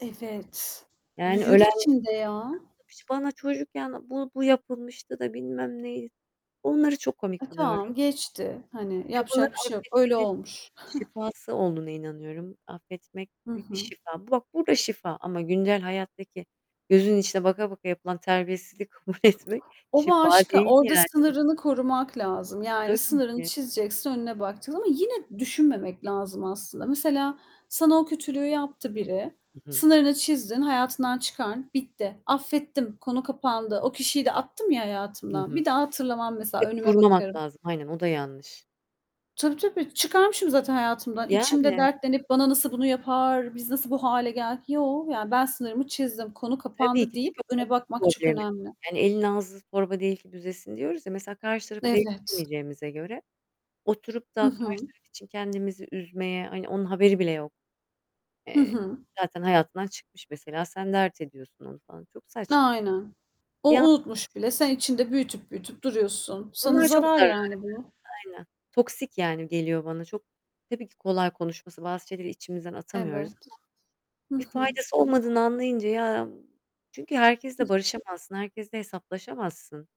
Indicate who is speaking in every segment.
Speaker 1: Evet.
Speaker 2: Yani
Speaker 1: Büyür
Speaker 2: ölen
Speaker 1: içinde ya.
Speaker 2: [unintelligible] bana çocukken bu bu yapılmıştı da bilmem ney... Onları çok komik
Speaker 1: E,
Speaker 2: buluyorum.
Speaker 1: tamam geçti. Hani,
Speaker 2: Ve bunları
Speaker 1: yapacak bir şey yok. Öyle
Speaker 2: affetmenin
Speaker 1: olmuş.
Speaker 2: şifası olduğuna inanıyorum. Affetmek
Speaker 1: Hı
Speaker 2: büyük bir
Speaker 1: hı.
Speaker 2: şifa. Bak, burada şifa. Ama güncel hayattaki gözünün içine baka baka yapılan terbiyesizliği kabul etmek
Speaker 1: O
Speaker 2: şifa
Speaker 1: başka.
Speaker 2: değil
Speaker 1: Orada
Speaker 2: yani.
Speaker 1: sınırını korumak lazım. Yani
Speaker 2: Tabii
Speaker 1: sınırını
Speaker 2: ki.
Speaker 1: çizeceksin, önüne bakacaksın ama yine düşünmemek lazım aslında. Mesela sana o kötülüğü yaptı biri.
Speaker 2: Hı hı.
Speaker 1: Sınırını çizdin, hayatından çıkar, bitti. Affettim, konu kapandı. O kişiyi de attım ya
Speaker 2: I
Speaker 1: hayatımdan,
Speaker 2: hı.
Speaker 1: bir daha hatırlamam mesela
Speaker 2: E,
Speaker 1: önüme
Speaker 2: kurmamak
Speaker 1: bakarım.
Speaker 2: lazım. Aynen, o da yanlış.
Speaker 1: Tabii, tabii, çıkarmışım zaten hayatımdan. İçimde
Speaker 2: Yani.
Speaker 1: dertlenip, "Bana nasıl bunu yapar, biz nasıl bu hâle geldik?" "Yo, yani ben sınırımı çizdim, konu
Speaker 2: Tabii
Speaker 1: kapandı."
Speaker 2: ki.
Speaker 1: deyip
Speaker 2: Çünkü o
Speaker 1: öne bakmak
Speaker 2: onun
Speaker 1: çok
Speaker 2: problemi.
Speaker 1: önemli.
Speaker 2: Yani, "Elin ağzı torba değil ki büzesin." diyoruz ya. Mesela karşı tarafı
Speaker 1: Evet.
Speaker 2: değiştirmeyeceğimize göre, oturup da
Speaker 1: Hı
Speaker 2: karşı
Speaker 1: hı.
Speaker 2: taraf için kendimizi üzmeye, hani, onun haberi bile yok.
Speaker 1: Hı
Speaker 2: Eee,
Speaker 1: hı.
Speaker 2: zaten hayatından çıkmış mesela. Sen dert ediyorsun onu falan. Çok saç
Speaker 1: Aynen. O
Speaker 2: Ya
Speaker 1: unutmuş bile sen içinde büyütüp büyütüp duruyorsun. Sana
Speaker 2: Bunlar çok
Speaker 1: zarar
Speaker 2: zararlı.
Speaker 1: yani bu.
Speaker 2: Aynen. Toksik yani geliyor bana çok tabii ki kolay konuşması, bazı şeyleri içimizden atamıyoruz ama
Speaker 1: Evet. Hı
Speaker 2: bir
Speaker 1: hı.
Speaker 2: faydası olmadığını anlayınca... Ya, çünkü herkesle barışamazsın, herkesle hesaplaşamazsın.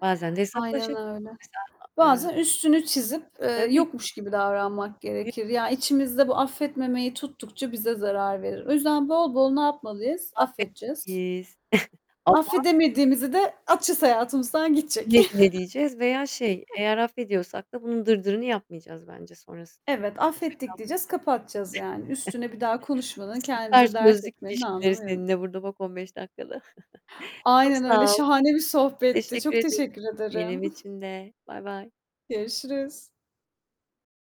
Speaker 2: Bazen de
Speaker 1: Aynen
Speaker 2: hesaplaşabilirsin.
Speaker 1: öyle.
Speaker 2: Mesela a eee
Speaker 1: Bazen üstünü çizip, eee,
Speaker 2: Tabii ki.
Speaker 1: yokmuş gibi davranmak
Speaker 2: Yü
Speaker 1: gerekir. Ya, içimizde bu affetmemeyi tuttukça bize zarar verir. O yüzden bol bol ne yapmalıyız? Affedeceğiz.
Speaker 2: Affetmeliyiz. Ama
Speaker 1: Affedemediğimizi de atacağız hayatımızdan gidecek.
Speaker 2: Güle güle diyeceğiz veya şey eğer affediyorsak da bunun dırdırını yapmayacağız bence sonrasında.
Speaker 1: Evet,
Speaker 2: [unintelligible]
Speaker 1: affettik diyeceğiz, kapatacağız yani. Üstüne bir daha
Speaker 2: kalmayacağız.
Speaker 1: konuşmanın,
Speaker 2: Süper,
Speaker 1: kendimize dert
Speaker 2: çözdük
Speaker 1: etmenin
Speaker 2: ilişkileri
Speaker 1: anlamı yok.
Speaker 2: seninle burada bak 15 dakikada. Çok
Speaker 1: Aynen öyle,
Speaker 2: sağ ol.
Speaker 1: şahane bir sohbetti.
Speaker 2: Teşekkür
Speaker 1: Çok
Speaker 2: ederim.
Speaker 1: teşekkür
Speaker 2: Benim
Speaker 1: ederim.
Speaker 2: için de. Bay bay.
Speaker 1: Görüşürüz.